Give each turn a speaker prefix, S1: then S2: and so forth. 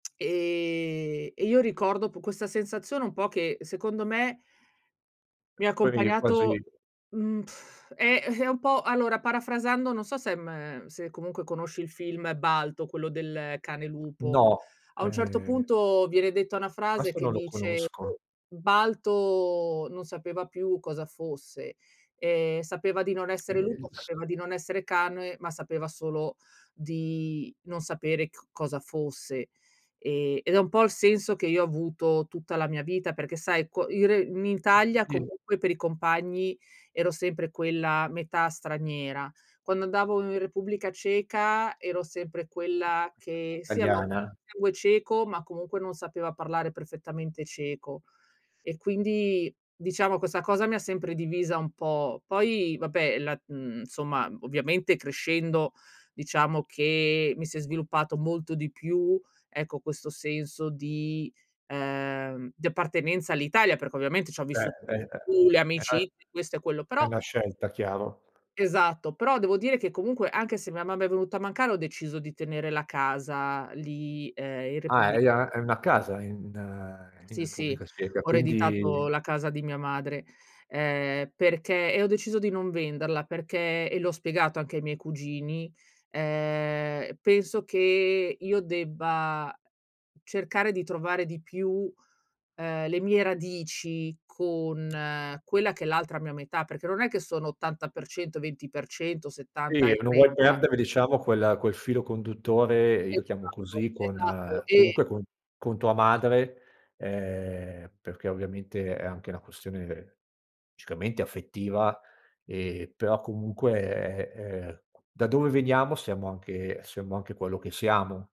S1: Ehm, e io ricordo po questa sensazione un po', che secondo me mi ha
S2: Poi è
S1: accompagnato
S2: quasi
S1: mhmm, è ehm, è un po' allora, parafrasando, non so se ehm, se comunque conosci il film Balto, quello del cane lupo.
S2: No,
S1: A un certo
S2: ehm
S1: punto, viene detta una frase,
S2: questo
S1: che
S2: non lo
S1: dice:
S2: conosco.
S1: "Balto non sapeva più cosa fosse, ehm, sapeva di non
S2: Eh,
S1: essere lupo,
S2: inso
S1: sapeva di non essere cane, ma sapeva solo di non sapere c cosa fosse." Ehm ed è un po' il senso che io ho avuto tutta la mia vita, perché, sai, co ire in
S2: [unintelligible]
S1: Italia,
S2: Sì.
S1: comunque, per i compagni, ero sempre quella metà straniera. Quando andavo in Repubblica Ceca, ero sempre
S2: [unintelligible]
S1: quella, che sì, avevo
S2: Italiana.
S1: [unintelligible] sangue ceco, ma comunque, non sapeva parlare perfettamente ceco e quindi, diciamo, questa cosa mi ha sempre divisa un po'. Poi vabbè, la mhmm, insomma, ovviamente crescendo diciamo che mi si è sviluppato molto di più, ecco, questo senso di uhm, di appartenenza all'Italia, perché, ovviamente, c'ho
S2: Cioè
S1: vissu
S2: è uhm,
S1: pu le
S2: è 'na
S1: amicizie questo e quello,
S2: è
S1: però
S2: 'na scelta chiaro.
S1: Esatto, però devo dire che, comunque, anche se mia mamma è venuta a mancare, ho deciso di tenere la casa lì, ehm, in
S2: Ah,
S1: Repubbli
S2: e i a hai una casa in ehm, in
S1: Sì, sì,
S2: Repubblica Ceca,
S1: ho ereditato
S2: quindi
S1: la casa di mia madre, ehm, perché e ho deciso di non venderla, perché e l'ho spiegato anche ai miei cugini, ehm, penso che io debba cercare di trovare di più, ehm, le mie radici, con quella che è l'altra mia metà, perché non è che sono 80%, 20%, 70
S2: Sì,
S1: e
S2: non vuoi
S1: 30.
S2: perdere, diciamo, quel quel filo conduttore, io lo chiamo
S1: Esatto,
S2: così, con
S1: esatto e
S2: comunque, con con tua madre, ehm, perché, ovviamente, è anche una questione logicamente affettiva, ehm, però, comunque, è è da dove veniamo, siamo anche siamo anche quello che siamo.